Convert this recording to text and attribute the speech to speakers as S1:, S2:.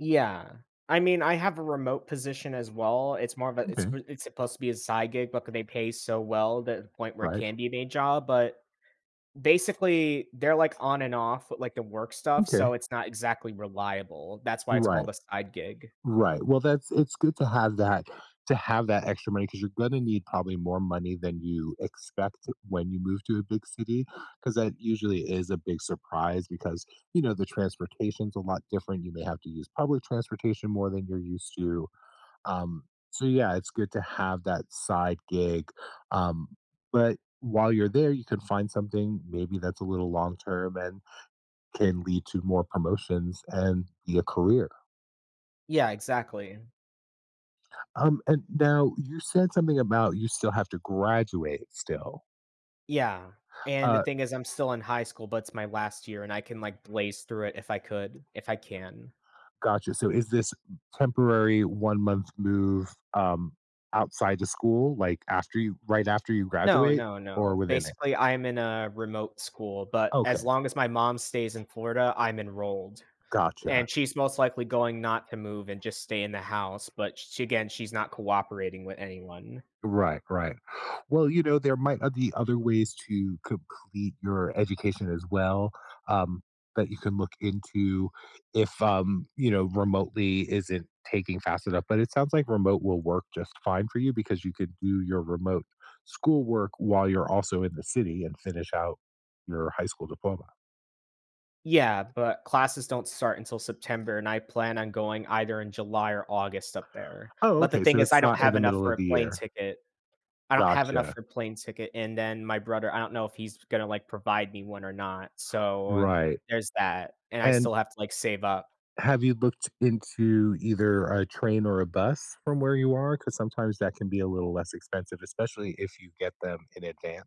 S1: Yeah. I mean, I have a remote position as well, it's more of a it's
S2: Okay.
S1: s it's supposed to be a side gig, but they pay so well that the point where it
S2: Right.
S1: can be a main job but, basically, they're, like, on and off with, like, the work stuff,
S2: Okay.
S1: so it's not exactly reliable. That's why it's
S2: Right.
S1: called a side gig.
S2: Right, well, that's it's good to have that to have that extra money 'cause you're gonna need probably more money than you expect when you move to a big city, 'cause that usually is a big surprise, because, you know, the transportation's a lot different, you may have to use public transportation more than you're used to. Um, so, yeah, it's good to have that side gig, um, but while you're there, you can find something maybe that's a little long term, and can lead to more promotions, and be a career.
S1: Yeah, exactly.
S2: Um, and now you said something about you still have to graduate still
S1: Yeah, and the
S2: Uh
S1: thing is I'm still in high school, but it's my last year, and I can, like, blaze through it if I could if I can.
S2: Gotcha. So is this temporary one-month move, um, outside the school, like, after you right after you
S1: No,
S2: graduate
S1: no,
S2: or
S1: no.
S2: within it?
S1: Basically, I'm in a remote school, but as
S2: Okay.
S1: long as my mom stays in Florida, I'm enrolled,
S2: Gotcha.
S1: and she's most likely going not to move, and just stay in the house, but, sh again, she's not cooperating with anyone.
S2: Right, right. Well, you know, there might, uh, be other ways to complete your education as well, um, that you can look into if, um, you know, remotely isn't taking fast enough. But it sounds like remote will work just fine for you, because you could do your remote school work while you're also in the city, and finish out your high school diploma.
S1: Yeah, but classes don't start until September, and I plan on going either in July or August up there,
S2: Oh,
S1: but the
S2: okay,
S1: thing
S2: so
S1: is
S2: it's
S1: I don't
S2: not in
S1: have
S2: the
S1: enough
S2: middle
S1: for
S2: of
S1: a
S2: the
S1: plane
S2: year.
S1: ticket. I don't have enough
S2: Gotcha.
S1: for a plane ticket, and then my brother I don't know if he's gonna, like, provide me one or not. So
S2: Right.
S1: there's that, and I
S2: And
S1: still have to, like, save up.
S2: have you looked into either a train or a bus from where you are? 'Cause sometimes that can be a little less expensive, especially if you get them in advance.